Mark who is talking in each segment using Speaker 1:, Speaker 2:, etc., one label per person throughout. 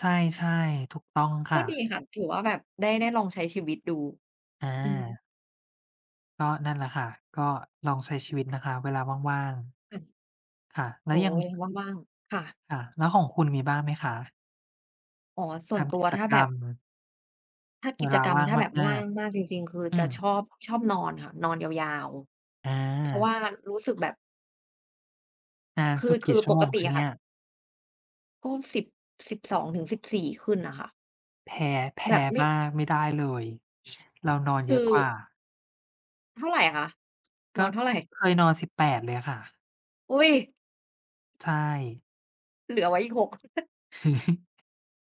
Speaker 1: ใช่ ๆ ถูกต้องค
Speaker 2: ก
Speaker 1: ่
Speaker 2: ็ด
Speaker 1: ะ
Speaker 2: ีค่ะ ถือว่าแบบได้ ได้ลองใช้ชีวิตดู
Speaker 1: อ
Speaker 2: อืม
Speaker 1: า ก็นั่น แหละค่ะ ก็ลองใช้ชีวิตนะคะ เวลาว่าง ๆ ค่ะ แล้
Speaker 2: โอ
Speaker 1: ว
Speaker 2: ๊
Speaker 1: ยัง
Speaker 2: ย! ว่าง ๆ ค่ะ
Speaker 1: ค่ะ แล้วของคุณ มีบ้างไหมคะ?
Speaker 2: อ๋อ ส่
Speaker 1: ท
Speaker 2: วนตั
Speaker 1: ำก
Speaker 2: ว
Speaker 1: ิจ
Speaker 2: ถ้า
Speaker 1: ก
Speaker 2: แบ
Speaker 1: รร
Speaker 2: บ
Speaker 1: ม
Speaker 2: ถ้า
Speaker 1: เ
Speaker 2: ก
Speaker 1: ว
Speaker 2: ิจ
Speaker 1: ลา
Speaker 2: กรร
Speaker 1: ว
Speaker 2: ม
Speaker 1: ่าง
Speaker 2: ถ้าแบบ
Speaker 1: ม
Speaker 2: ว
Speaker 1: า
Speaker 2: ่า
Speaker 1: ก
Speaker 2: งมากจริง ๆ คือ
Speaker 1: ๆ อื
Speaker 2: จะ
Speaker 1: อ
Speaker 2: ชอบ ชอบนอนค่ะ นอนยาว
Speaker 1: อ
Speaker 2: ๆ เพราะว
Speaker 1: า
Speaker 2: ่ารู้สึกแบบ
Speaker 1: นาน
Speaker 2: คื
Speaker 1: สุ
Speaker 2: อ
Speaker 1: ด
Speaker 2: ค
Speaker 1: กี
Speaker 2: ื
Speaker 1: ่
Speaker 2: อ
Speaker 1: ชั่
Speaker 2: ป
Speaker 1: วโม
Speaker 2: ก
Speaker 1: ง
Speaker 2: ติ
Speaker 1: คะ
Speaker 2: อ
Speaker 1: เ
Speaker 2: ะ
Speaker 1: น
Speaker 2: ค
Speaker 1: ี่
Speaker 2: ่ะ
Speaker 1: ย?
Speaker 2: ก็สิบ สิบสองถึงสิบสี่ ขึ้นน่ะค่ะ
Speaker 1: แพ้ แพ
Speaker 2: แบ
Speaker 1: ้
Speaker 2: บ ไม่
Speaker 1: บ้างไม่ได้เลย เรานอนเ
Speaker 2: คื
Speaker 1: ยอะ
Speaker 2: อ
Speaker 1: กว่า
Speaker 2: เท่าไรคะ
Speaker 1: ก
Speaker 2: นอ
Speaker 1: ็
Speaker 2: นเท่าไร?
Speaker 1: เคยนอน 18 เลยอะค่ะ
Speaker 2: อุ๊ย!
Speaker 1: ใช่
Speaker 2: เหลือไว้อีก 6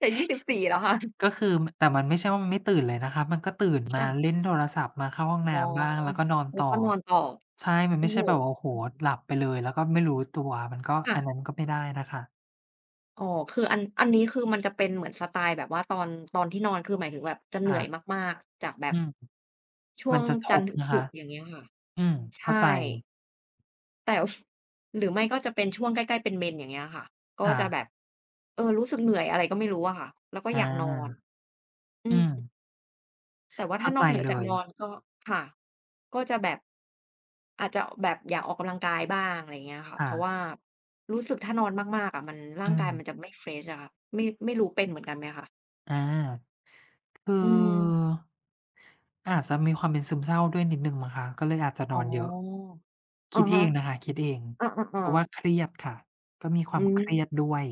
Speaker 2: จะ 24 แล้ว ค่ะ
Speaker 1: ก็คือ ม แต่มันไม่ใช่ว่า มันไม่ตื่นเลยนะคะ มันก็ตื่น
Speaker 2: อือ
Speaker 1: ม
Speaker 2: ค
Speaker 1: า
Speaker 2: ่ะ
Speaker 1: เล่นโทรศัพท์ มาเข้าห้องน
Speaker 2: อ๋
Speaker 1: ้
Speaker 2: อ
Speaker 1: ำบ้าง แล้วก็นอน
Speaker 2: แล
Speaker 1: ต
Speaker 2: ้ว
Speaker 1: ่อ
Speaker 2: ก็นอนต่อ
Speaker 1: ใช่ มั
Speaker 2: โ
Speaker 1: น
Speaker 2: อ
Speaker 1: ไ
Speaker 2: ้
Speaker 1: ม่ใ
Speaker 2: โ
Speaker 1: ช
Speaker 2: ฮ!
Speaker 1: ่แบบ โอ้โ
Speaker 2: อ
Speaker 1: ฮ!
Speaker 2: ื้อ
Speaker 1: ห
Speaker 2: ฮ
Speaker 1: ล
Speaker 2: ือ
Speaker 1: ับไปเลย แล้วก็ไม่รู้ตัว มันก็
Speaker 2: ค่
Speaker 1: อัน
Speaker 2: ะ
Speaker 1: นั้นก็ไม่ได้นะคะ
Speaker 2: อ๋อ คือ อัน อันนี้คือมันจะเป็นเหมือนสไตล์แบบว่า ตอน ตอนที่นอนคือหมายถึงแบบจะเห
Speaker 1: ค
Speaker 2: นื่
Speaker 1: ่
Speaker 2: อ
Speaker 1: ะ
Speaker 2: ยมาก ๆ จากแบ
Speaker 1: อ
Speaker 2: บ
Speaker 1: ืม
Speaker 2: ช่
Speaker 1: ม
Speaker 2: ว
Speaker 1: ัน
Speaker 2: ง
Speaker 1: จะท
Speaker 2: จันท
Speaker 1: บ
Speaker 2: ร์ถึง
Speaker 1: นะ
Speaker 2: ศ
Speaker 1: ค
Speaker 2: ุ
Speaker 1: ะ
Speaker 2: กร์ อย่างเงี้ยค่ะ
Speaker 1: อืม
Speaker 2: ใช
Speaker 1: เข้
Speaker 2: ่
Speaker 1: าใจ
Speaker 2: แต่ หรือไม่ก็จะเป็นช่วงใกล้ ๆ เป็นเมนส์ อย่างเงี้ยค่ะ ก็
Speaker 1: ค่
Speaker 2: จะแบ
Speaker 1: ะ
Speaker 2: บ เออ รู้สึกเหนื่อย อะไรก็ไม่รู้อะค่ะ แล้วก็
Speaker 1: อา
Speaker 2: อยากนอน อ
Speaker 1: อ
Speaker 2: ื
Speaker 1: ื
Speaker 2: ม
Speaker 1: ม
Speaker 2: แต่ว่า
Speaker 1: เ
Speaker 2: ถ
Speaker 1: ข
Speaker 2: ้
Speaker 1: ้
Speaker 2: า
Speaker 1: า
Speaker 2: น
Speaker 1: ใจ
Speaker 2: อกเหนือ
Speaker 1: เล
Speaker 2: จาก
Speaker 1: ย
Speaker 2: นอนก็ ค่ะ ก็จะแบบ อาจจะ อ แบบอยากออกกำลังกายบ้าง อะไรเงี้ยค่ะ
Speaker 1: ค
Speaker 2: เ
Speaker 1: ่
Speaker 2: พราะว่
Speaker 1: ะ
Speaker 2: า รู้สึกถ้านอนมาก ๆ อะ มัน ร่
Speaker 1: อื
Speaker 2: างกาย
Speaker 1: ม
Speaker 2: มันจะไม่ เฟรช อะค่ะ ไม่ ไม่รู้เป็นเหมือนกันไหมคะ?
Speaker 1: อา คือ
Speaker 2: อืม
Speaker 1: อาจจะมีความเป็นซึมเศร้าด้วยนิดหนึ่งมั้งคะ ก็เลยอาจจะ
Speaker 2: อ๋
Speaker 1: น
Speaker 2: อ
Speaker 1: อนเยอะ
Speaker 2: อ
Speaker 1: ค
Speaker 2: ะ
Speaker 1: ิด
Speaker 2: ฮ
Speaker 1: เอ
Speaker 2: ะ
Speaker 1: งนะคะ คิดเอง
Speaker 2: อ
Speaker 1: เพ
Speaker 2: า
Speaker 1: ราะว
Speaker 2: ๆ
Speaker 1: ่
Speaker 2: ๆ
Speaker 1: าเครียดค่ะ ก็มีคว
Speaker 2: อื
Speaker 1: ามเครี
Speaker 2: ม
Speaker 1: ยดด้วย